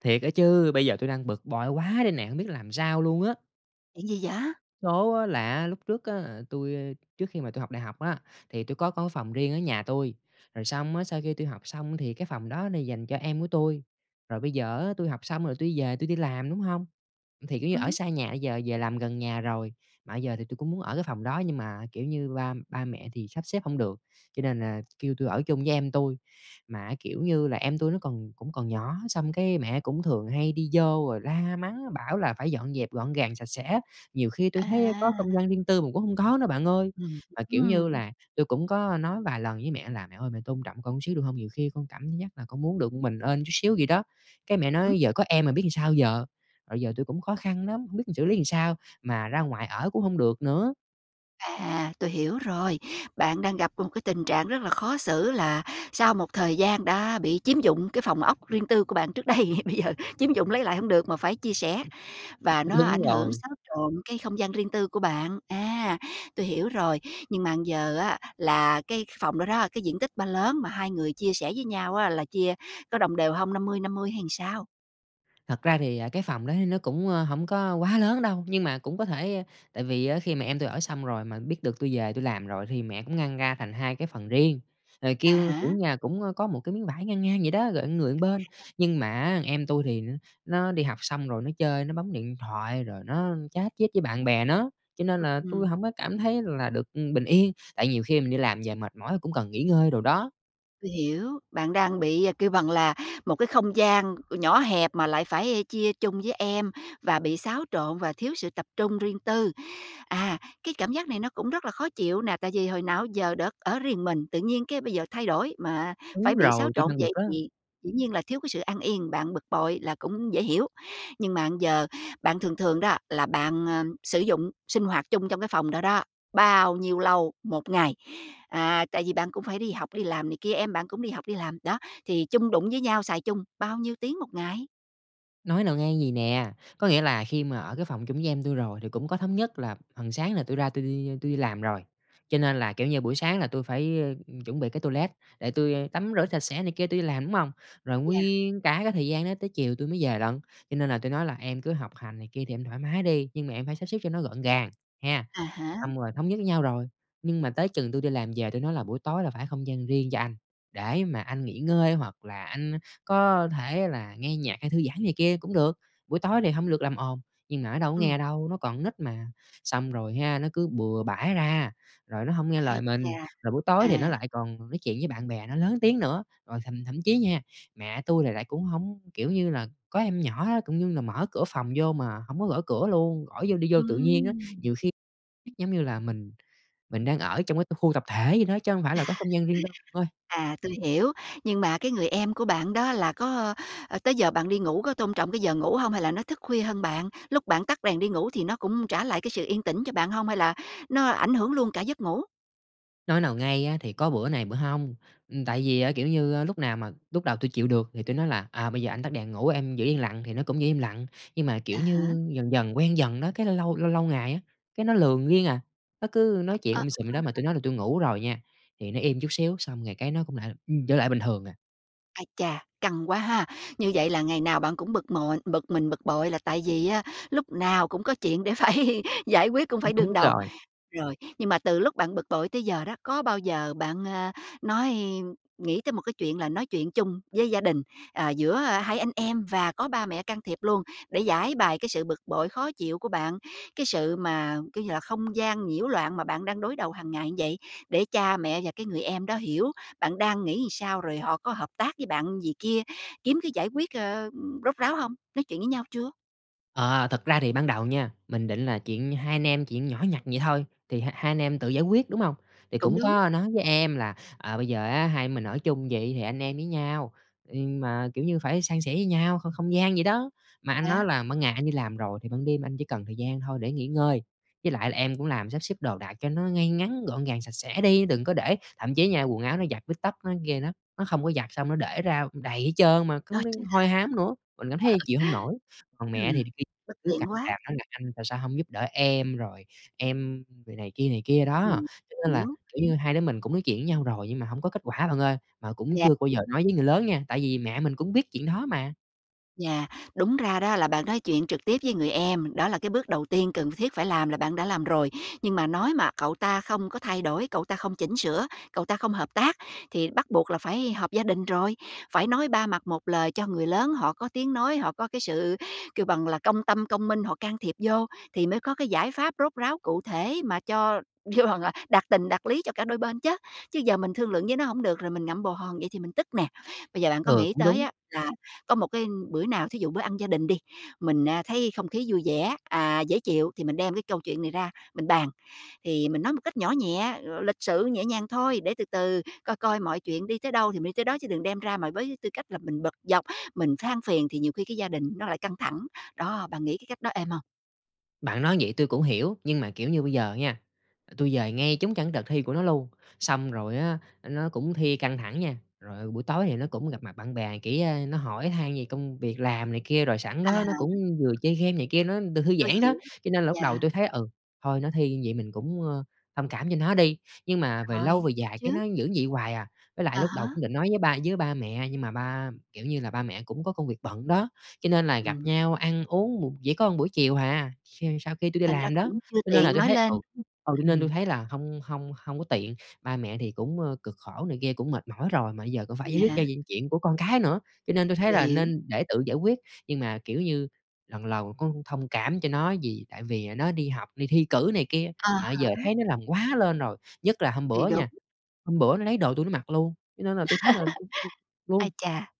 Thiệt á chứ, bây giờ tui đang bực bội quá đây nè, hông biết làm sao luôn á! Chuyện gì vậy? Số á, là á, lúc trước á là tui, a trước khi mà tui học đại học á, thì tui có có phòng riêng ở nhà tui, rồi xong á sau khi tui học xong thì cái phòng đó nó dành cho em của tui, rồi bây giờ á tui học xong rồi tui đi về, tui đi làm, đúng hông? Thì, kiểu như, ở Ừm. xa nhà, bây giờ về làm gần nhà rồi, mà bây giờ thì tui cũng muốn ở cái phòng đó, nhưng mà, kiểu như, ba ba mẹ thì sắp xếp hông được, cho nên là kêu tui ở chung với em tui. Mà á, kiểu như là, em tui nó còn cũng còn nhỏ, xong cái mẹ cũng thường hay đi vô rồi la mắng, bảo là phải dọn dẹp gọn gàng, sạch sẽ á, nhiều khi tui thấy có không À. gian riêng tư mà cũng hông có nữa bạn ơi. Ừm Mà, kiểu như hưm. là, tui cũng có nói vài lần với mẹ là "Mẹ ơi, mẹ tôn trọng con chút xíu được hông? Nhiều khi con cảm giác là con muốn được m mình ên chút xíu vậy đó", cái mẹ Ừm hứm. nói: "Giờ có em rồi biết làm sao giờ?" Rồi giờ tui cũng khó khăn lắm, hông biết là xử lý làm sao, mà ra ngoài ở cũng hông được nữa. À, tôi hiểu rồi. Bạn đang gặp một cái tình trạng rất là khó xử là sau một thời gian đã bị chiếm dụng cái phòng ốc riêng tư của bạn trước đây, bây giờ chiếm dụng lấy lại hông được mà phải chia sẻ, và nó ảnh Đúng hưởng, rồi. xáo trộn cái không gian riêng tư của bạn. À, tôi hiểu rồi! Nhưng mà bây giờ á là cái phòng đó đó, cái diện tích ba lớn mà hai người chia sẻ với nhau á, là chia có đồng đều hông? 50-50 hay làm sao? Thật ra thì, à, cái phòng đó thì nó cũng, ơ, hổng có quá lớn đâu, nhưng mà cũng có thể tại vì á khi mà em tui ở xong rồi, mà biết được tui về tui làm rồi thì mẹ cũng ngăn ra thành 2 cái phần riêng, rồi À kêu, kiểu, há. nhà cũng có một cái miếng vải ngang ngang vậy đó, rồi người một bên. [unintelligible] Nhưng mà á, em tui thì nó đi học xong rồi nó chơi, nó bấm điện thoại rồi nó chat chít với bạn bè nó, cho nên là tui Ừm. hổng có cảm thấy là được bình yên, tại nhiều khi mình đi làm về mệt mỏi cũng cần nghỉ ngơi đồ đó. Tui hiểu, bạn đang bị, kêu bằng là, một cái không gian nhỏ hẹp mà lại phải chia chung với em và bị xáo trộn và thiếu sự tập trung riêng tư. À, cái cảm giác này nó cũng rất là khó chịu nè, tại vì hồi nào á giờ được ở riêng mình, tự nhiên cái bây giờ thay đổi, mà phải Đúng bị xáo rồi, tui trộn đang bực vậy á. thì dĩ nhiên là thiếu cái sự an yên, bạn bực bội là cũng dễ hiểu. Nhưng mà bây giờ bạn thường thường đó là bạn, ờ, sử dụng sinh hoạt chung trong cái phòng đó đó, bao nhiêu lâu 1 ngày? À, tại vì bạn cũng phải đi học, đi làm này kia, em bạn cũng đi học đi làm, đó, thì chung đụng với nhau xài chung bao nhiêu tiếng 1 ngày? Nói nào ngay, vầy nè, có nghĩa là khi mà ở cái phòng chung với em tui rồi thì cũng có thống nhất là phần sáng là tui ra tui đi tui đi làm rồi, cho nên là, kiểu như, buổi sáng là tui phải, ơ, chuẩn bị cái toilet để tui tắm rửa sạch sẽ này kia tui đi làm, đúng hông? Rồi Yeah. nguyên cả cái thời gian đó tới chiều tui mới về lận. Cho nên là tôi nói là "Em cứ học hành này kia thì em thoải mái đi, nhưng mà em phải sắp xếp cho nó gọn gàng, ha!" À há. Xong rồi thống nhất với nhau rồi, nhưng mà tới chừng tui đi làm về tui nói là "Buổi tối là phải không gian riêng cho anh, để mà anh nghỉ ngơi hoặc là anh có thể là nghe nhạc hay thư giãn này kia cũng được. Buổi tối thì hông được làm ồn." Nhưng mà nó đâu có nghe Ừm. đâu, nó còn nít mà. Xong rồi ha, nó cứ bừa bãi ra, rồi nó hông nghe lời Ai mình, chà! rồi buổi tối À. thì nó lại còn nói chuyện với bạn bè nó lớn tiếng nữa. Rồi thậm thậm chí nha, mẹ tui thì lại cũng hổng kiểu như là, có em nhỏ á, cũng như là mở cửa phòng vô mà hổng có gõ cửa luôn, khỏi vô đi vô tự nhiên á. Ừm. Nhiều khi giống như là mình mình đang ở trong cái khu tập thể vậy đó, chứ hông phải là có không gian riêng tư bạn ơi. À, tôi hiểu. Nhưng mà cái người em của bạn đó là có, ơ, tới giờ bạn đi ngủ có tôn trọng cái giờ ngủ hông hay là nó thức khuya hơn bạn? Lúc bạn tắt đèn đi ngủ thì nó cũng trả lại cái sự yên tĩnh cho bạn hông hay là nó ảnh hưởng luôn cả giấc ngủ? Nói nào ngay á, thì có bữa này bữa hông, ừm, tại vì á, kiểu như, lúc nào mà lúc đầu tui chịu được, thì tui nói là "À, bây giờ anh tắt đèn ngủ, em giữ yên lặng", thì nó cũng giữ im lặng. Nhưng mà, À kiểu há. như, dần dần quen dần đó, cái lâu lâu lâu lâu ngày á, cái nó lờn riêng à. Nó cứ nói chuyện um sùm vậy đó, mà tui [unintelligible] nói là tui ngủ rồi nha, thì nó im chút xíu, xong rồi cái nó cũng lại, ừm, trở lại bình thường à. Ái chà, căng quá ha! Như vậy là ngày nào bạn cũng bực bội bực mình, bực bội là tại vì á lúc nào cũng có chuyện để phải giải quyết, cũng phải đương Đúng đầu. rồi. Rồi, nhưng mà từ lúc bạn bực bội tới giờ đó, có bao giờ bạn, ờ, nói nghĩ tới một cái chuyện là nói chuyện chung với gia đình, à, giữa hai anh em và có ba mẹ can thiệp luôn, để giãi bày cái sự bực bội, khó chịu của bạn, cái sự mà, kiểu như là, không gian nhiễu loạn mà bạn đang đối đầu hàng ngày vậy, để cha mẹ và cái người em đó hiểu bạn đang nghĩ sao, rồi họ có hợp tác với bạn gì kia kiếm cái giải quyết, ờ, rốt ráo hông? Nói chuyện với nhau chưa? Ờ, thật ra thì ban đầu nha, mình định là chuyện hai anh em, chuyện nhỏ nhặt vậy thôi, thì h hai anh em tự giải quyết, đúng hông? Thì Cũng cũng đúng. có nói với em là "Ờ, bây giờ á, hai mình ở chung vậy thì anh em với nhau, nhưng mà, kiểu như, phải san sẻ với nhau không không gian vậy đó. Mà anh Yeah. nói là ban ngày anh đi làm rồi thì ban đêm anh chỉ cần thời gian thôi để nghỉ ngơi, với lại là em cũng làm sắp xếp đồ đạc cho nó ngay ngắn, gọn gàng, sạch sẽ đi, đừng có để" thậm chí nha, quần áo nó giặt với tóc nó ghê lắm, nó không có giặt, xong nó để ra đầy hết trơn mà cứ Rồi Ờ. cứ hôi hám nữa, mình cảm thấy chịu hông nổi. Còn Ừm, mẹ thì khi bất cứ càm tiện ràm quá! nói là anh tại sao hông giúp đỡ em, rồi em rồi này kia này kia đó. Ừm, Cho nên là, hiểu. kiểu như, hai đứa mình cũng nói chuyện với nhau rồi nhưng mà hông có kết quả bạn ơi. Mà cũng Yeah. chưa bao giờ nói với người lớn nha, tại vì mẹ mình cũng biết chuyện đó mà. Yeah, đúng ra đó là bạn nói chuyện trực tiếp với người em, đó là cái bước đầu tiên cần thiết phải làm là bạn đã làm rồi. Nhưng mà nói mà cậu ta không có thay đổi, cậu ta không chỉnh sửa, cậu ta không hợp tác thì bắt buộc là phải họp gia đình rồi, phải nói ba mặt một lời cho người lớn họ có tiếng nói, họ có cái sự kêu bằng là công tâm công minh họ can thiệp vô thì mới có cái giải pháp rốt ráo, cụ thể mà cho vô bằng là đạt tình, đạt lý cho cả đôi bên chớ. Chứ giờ mình thương lượng với nó hổng được là mình ngậm bồ hòn vậy thì mình tức nè. Bây giờ bạn có Ờ, nghĩ cũng tới đúng. á là có một cái bữa nào, thí dụ bữa ăn gia đình đi, mình, ờ, thấy không khí vui vẻ, ờ, dễ chịu thì mình đem cái câu chuyện này ra mình bàn. Thì mình nói một cách nhỏ nhẹ, l lịch sự nhẹ nhàng thôi để từ từ coi coi mọi chuyện đi tới đâu thì mình đi tới đó chứ đừng đem ra mà với tư cách là mình bực dọc, mình than phiền thì nhiều khi cái gia đình nó lại căng thẳng. Đó, bạn nghĩ cái cách đó êm hông? Bạn nói vậy tui cũng hiểu, nhưng mà, kiểu, như bây giờ nha, tui về ngay trúng trong cái đợt thi của nó luôn, xong rồi á, ơ, nó cũng thi căng thẳng nha, rồi, ờ, buổi tối thì nó cũng gặp mặt bạn bè, kiểu, ơ, nó hỏi han về công việc làm này kia, rồi sẵn À đó nó cũng há. vừa chơi game này kia, nó được thư Tôi giãn đó. hiểu. Cho nên là lúc đầu Yeah. tui thấy "Ừ, thôi nó thi như vậy mình cũng, ờ, thông cảm cho nó đi." Nhưng mà về lâu Rồi, về gặp dài cái trước. nó vẫn vậy hoài à, với lại À lúc đầu há. cũng định nói với ba với ba mẹ nhưng mà ba kiểu như là, ba mẹ cũng có công việc bận đó, cho nên là gặp Ừm. nhau ăn uống một chỉ có buổi chiều hà, khi sau khi tui đi Thành ra làm đó, cũng chưa cho nên là tiện tui nói thấy, lên. ừ, ừ, cho nên Ừm. tui thấy là hông hông hông có tiện. Ba mẹ thì cũng, ơ, cực khổ này kia cũng mệt mỏi rồi mà bây giờ cũng phải giải quyết Yeah. cho những chuyện của con cái nữa, cho nên tui thấy Tui là hiểu. nên để tự giải quyết. Nhưng mà kiểu như lần lầu cũng thông cảm cho nó vì tại vì, ờ, nó đi học, đi thi cử này kia, À mà bây giờ há. thấy nó làm quá lên rồi, nhất là hôm Thì bữa đúng. nha, hôm bữa nó lấy đồ tui nó mặc luôn, cho nên là tui thấy là luôn. Ai chà,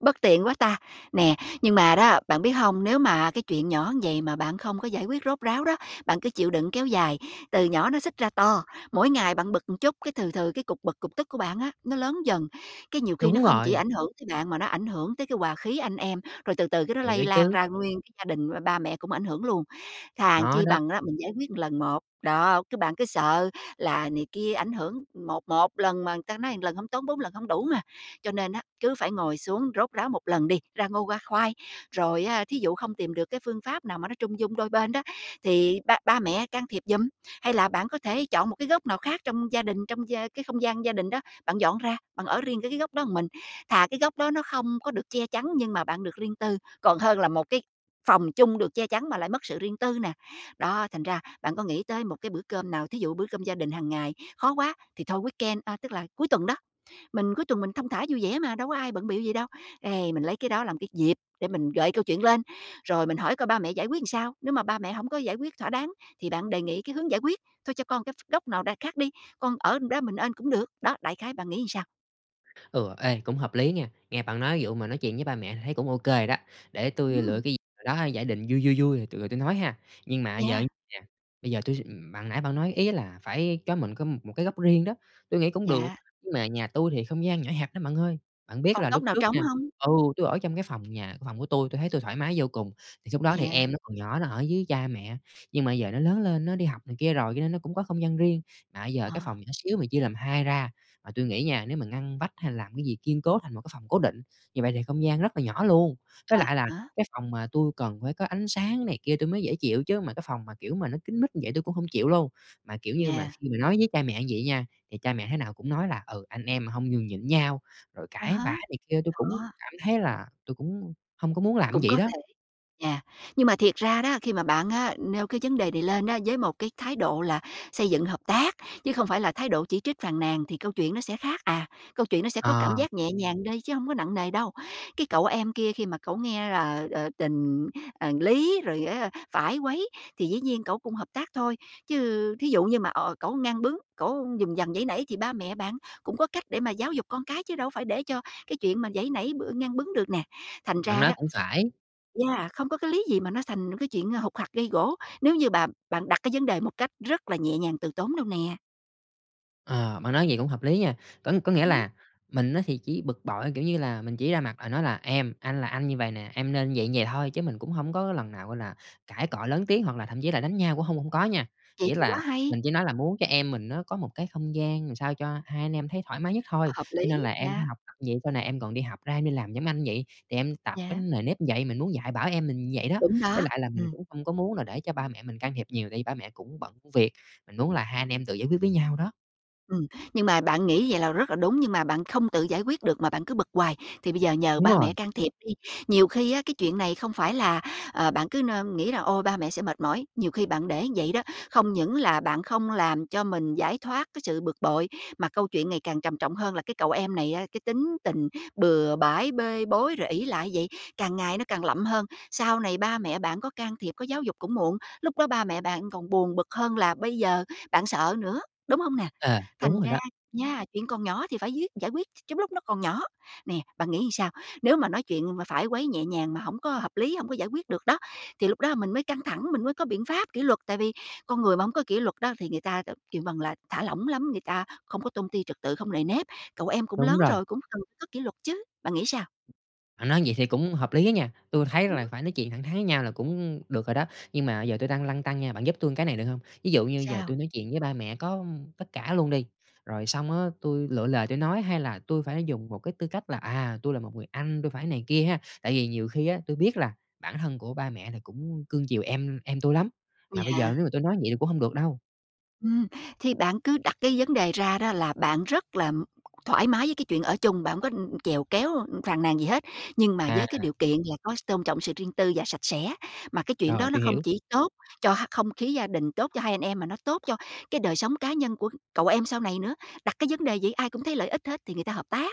bất tiện quá ta, nè, nhưng mà đó, bạn biết hông, nếu mà cái chuyện nhỏ như vậy mà bạn không có giải quyết rốt ráo đó, bạn cứ chịu đựng kéo dài, từ nhỏ nó xích ra to, mỗi ngày bạn bực một chút cái từ từ cái cục bực, cục tức của bạn á nó lớn dần, cái nhiều khi nó Đúng không chỉ rồi. ảnh hưởng tới bạn mà nó ảnh hưởng tới cái hòa khí anh em, rồi từ từ cái đó Thiệt á lây lan chứ. ra nguyên cái gia đình với ba mẹ cũng ảnh hưởng luôn. Thà Nó chi đó. bằng á, mình giải quyết lần một. Đó, cái bạn cứ sợ là này kia ảnh hưởng một một lần mà người ta nói một lần hông tốn, bốn lần hông đủ mà, cho nên á, cứ phải ngồi xuống rốt ráo một lần đi ra ngô ra khoai, rồi á, thí dụ không tìm được cái phương pháp nào mà nó trung dung đôi bên đó, thì ba ba mẹ can thiệp giùm, hay là bạn có thể chọn một cái góc nào khác trong gia đình, trong gia cái không gian gia đình đó, bạn dọn ra, bạn ở riêng cái cái góc đó mình. Thà cái góc đó nó không có được che chắn nhưng mà bạn được riêng tư, còn hơn là một cái phòng chung được che chắn mà lại mất sự riêng tư nè. Đó, thành ra bạn có nghĩ tới một cái bữa cơm nào, thí dụ bữa cơm gia đình hàng ngày khó quá thì thôi weekend à, tức là cuối tuần đó. Mình cuối tuần mình thong thả vui vẻ mà, đâu có ai bận bịu gì đâu. Ê, mình lấy cái đó làm cái dịp để mình gợi câu chuyện lên, rồi mình hỏi coi ba mẹ giải quyết làm sao, nếu mà ba mẹ hổng có giải quyết thỏa đáng thì bạn đề nghị cái hướng giải quyết thôi cho con cái ph góc nào đằng khác đi, con ở trong đó mình ên cũng được. Đó, đại khái bạn nghĩ sao? Ừ. Ê, cũng hợp lý nghe. Nghe bạn nói vụ mà nói chuyện với ba mẹ thì thấy cũng ô kê đó, để tui lựa Ừm. cái dịp đó giả định vui vui vui rồi t tui nói ha. Nhưng mà giờ Yeah. nè, bây giờ tui s ừm, bạn nãy bạn nói ý á là phải cho mình cái một một cái góc riêng đó, tui nghĩ cũng được, Yeah. nhưng mà nhà tui thì không gian nhỏ hẹp lắm bạn ơi. Bạn biết Còn là lúc góc nào trước trống nha hông? ừ, tui ở trong cái phòng nhà phòng của tui, tui thấy tui thoải mái vô cùng. Thì lúc đó thì Yeah. em nó còn nhỏ, nó ở dưới cha mẹ, nhưng mà giờ nó lớn lên, nó đi học này kia rồi cho nên nó cũng có không gian riêng. Mà bây giờ cái Ờ. phòng nhỏ xíu mà chia làm 2 ra, mà tui nghĩ nha nếu mà ngăn vách hay làm cái gì kiên cố thành một cái phòng cố định, như vậy thì không gian rất là nhỏ luôn. Với À lại là há. cái phòng mà tui cần phải có ánh sáng này kia tui mới dễ chịu, chứ mà cái phòng mà, kiểu, mà nó kín mít như vậy tui cũng hông chịu luôn. Mà, kiểu như, mà Yeah. khi mà nói với cha mẹ như vậy nha, thì cha mẹ thế nào cũng nói là "Ừ, anh em mà hông nhường nhịn nhau, rồi À cãi há. vã này kia." Tui cũng Đó. cảm thấy là tui cũng hông có muốn làm Cũng vậy có đó. thể. Yeah, nhưng mà thiệt ra đó, khi mà bạn á, nêu cái vấn đề này lên á, với một cái thái độ là xây dựng hợp tác, chứ không phải là thái độ chỉ trích, phàn nàn thì câu chuyện nó sẽ khác à. Câu chuyện nó sẽ có cảm Ờ. giác nhẹ nhàng đi chứ hông có nặng nề đâu. Cái cậu em kia khi mà cậu nghe là, ờ, tình, ờ, lý, rồi á phải quấy, thì dĩ nhiên cẩu cũng hợp tác thôi. Chứ thí dụ như mà, ờ, cẩu ngang bướng, cẩu dùng dằng, giãy nảy thì ba mẹ bạn cũng có cách để mà giáo dục con cái chứ đâu phải để cho cái chuyện mà giãy nảy, b ngang bướng được nè. Thành Bạn ra nói đó cũng phải. yeah, không có cái lý gì mà nó thành cái chuyện hục hặc, gây gổ, nếu như bạn bạn đặt cái vấn đề một cách rất là nhẹ nhàng từ tốn đâu nè. Ờ, bạn nói vậy cũng hợp lý nha. Có có nghĩa Ừm. là mình á thì chỉ bực bội, kiểu như là, mình chỉ ra mặt là nói là em, anh là anh như vầy nè, em nên vậy, vậy thôi chứ mình cũng hông có lần nào, gọi là, cãi cọ lớn tiếng hoặc là thậm chí là đánh nhau cũng hông hông có nha. Vậy Chỉ thì quá là hay. mình chỉ nói là muốn cho em mình nó có một cái không gian làm sao cho hai anh em thấy thoải mái nhất thôi, Hợp cho nên lý. là em phải Yeah. học tập vậy sau này em còn đi học ra em đi làm giống anh vậy, thì em tập cái Yeah. nề nếp vậy. Mình muốn dạy bảo em mình vậy đó, Đúng với đó, lại là mình ừm. cũng không có muốn là để cho ba mẹ mình can thiệp nhiều tại vì ba mẹ cũng bận công việc, mình muốn là hai anh em tự giải quyết với nhau đó. Ừm, nhưng mà bạn nghĩ vậy là rất là đúng, nhưng mà bạn không tự giải quyết được mà bạn cứ bực hoài thì bây giờ nhờ Đúng ba rồi. mẹ can thiệp đi. Nhiều khi á cái chuyện này không phải là, ờ, bạn cứ nơ nghĩ là ôi ba mẹ sẽ mệt mỏi. Nhiều khi bạn để như vậy đó, không những là bạn không làm cho mình giải thoát cái sự bực bội, mà câu chuyện ngày càng trầm trọng hơn là cái cậu em này á, cái tính tình bừa bãi, bê bối rồi ỷ lại vậy, càng ngày nó càng lậm hơn. Sau này ba mẹ bạn có can thiệp, có giáo dục cũng muộn, lúc đó ba mẹ bạn còn buồn bực hơn là bây giờ bạn sợ nữa, đúng hông nè? À, đúng Thành rồi ra đó. nha, chuyện còn nhỏ thì phải quyết giải quyết trong lúc nó còn nhỏ. Nè, bạn nghĩ làm sao? Nếu mà nói chuyện mà phải quấy nhẹ nhàng mà hổng có hợp lý, hông có giải quyết được đó thì lúc đó mình mới căng thẳng, mình mới có biện pháp kỷ luật. Tại vì con người mà hổng có kỷ luật đó thì người ta, kêu bằng là thả lỏng lắm, người ta không có tôn ti trật tự, không nề nếp. Cậu em cũng Đúng lớn rồi. rồi, cũng cần có kỷ luật chứ. Bạn nghĩ sao? Bạn nói vậy thì cũng hợp lý á nha, tui thấy Ừm. là phải nói chuyện thẳng thắn với nhau là cũng được rồi đó. Nhưng mà giờ tui đang lăn tăn nha, bạn giúp tui cái này, được hông? Ví dụ như giờ Sao? tui nói chuyện với ba mẹ có tất cả luôn đi, rồi xong á tui lựa lời tui nói, hay là tui phải dùng một cái tư cách là, à, tui là một người anh, tui phải này kia ha? Tại vì nhiều khi á tui biết là bản thân của ba mẹ thì cũng cưng chiều em em tui lắm, mà bây giờ Yeah. nếu mà tui nói vậy thì cũng hông được đâu. Ừm, thì bạn cứ đặt cái vấn đề ra đó là bạn rất là thoải mái với cái chuyện ở chung, bạn hổng có chèo kéo, phàn nàn gì hết, nhưng mà với cái À. điều kiện là có s tôn trọng sự riêng tư và sạch sẽ. Mà cái chuyện Rồi, đó nó tui không hiểu. chỉ tốt cho h không khí gia đình, tốt cho hai anh em mà nó tốt cho cái đời sống cá nhân của cậu em sau này nữa. Đặt cái vấn đề vậy ai cũng thấy lợi ích hết thì người ta hợp tác,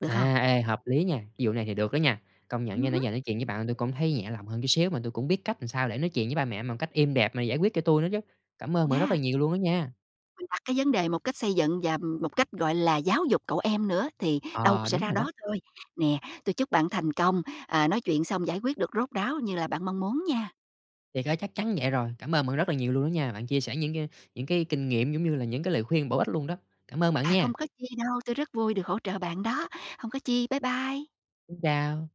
được không? À, ê, hợp lý nha, vụ này thì được đó nha. Công nhận Ừm nha nãy hứm. giờ nói chuyện với bạn tui cũng thấy nhẹ lòng hơn chút xíu, mà tui cũng biết cách làm sao để nói chuyện với ba mẹ một cách êm đẹp mà giải quyết cho tui nữa chứ. Cảm ơn bạn rất là Yeah. nhiều luôn á nha. Mình đặt cái vấn đề một cách xây dựng và một cách, gọi là, giáo dục cậu em nữa thì đâu Ờ, sẽ đúng ra rồi đó. đó thôi. Nè, tui chúc bạn thành công, ờ, nói chuyện xong giải quyết được rốt ráo như là bạn mong muốn nha. Thiệt á, chắc chắn vậy rồi. Cảm ơn bạn rất là nhiều luôn đó nha, bạn chia sẻ những cái những cái kinh nghiệm, giống như là, những cái lời khuyên bổ ích luôn đó. Cảm ơn bạn À, nha. không có chi đâu, tui rất vui được hỗ trợ bạn đó. Hông có chi, bye bye. Xin chào.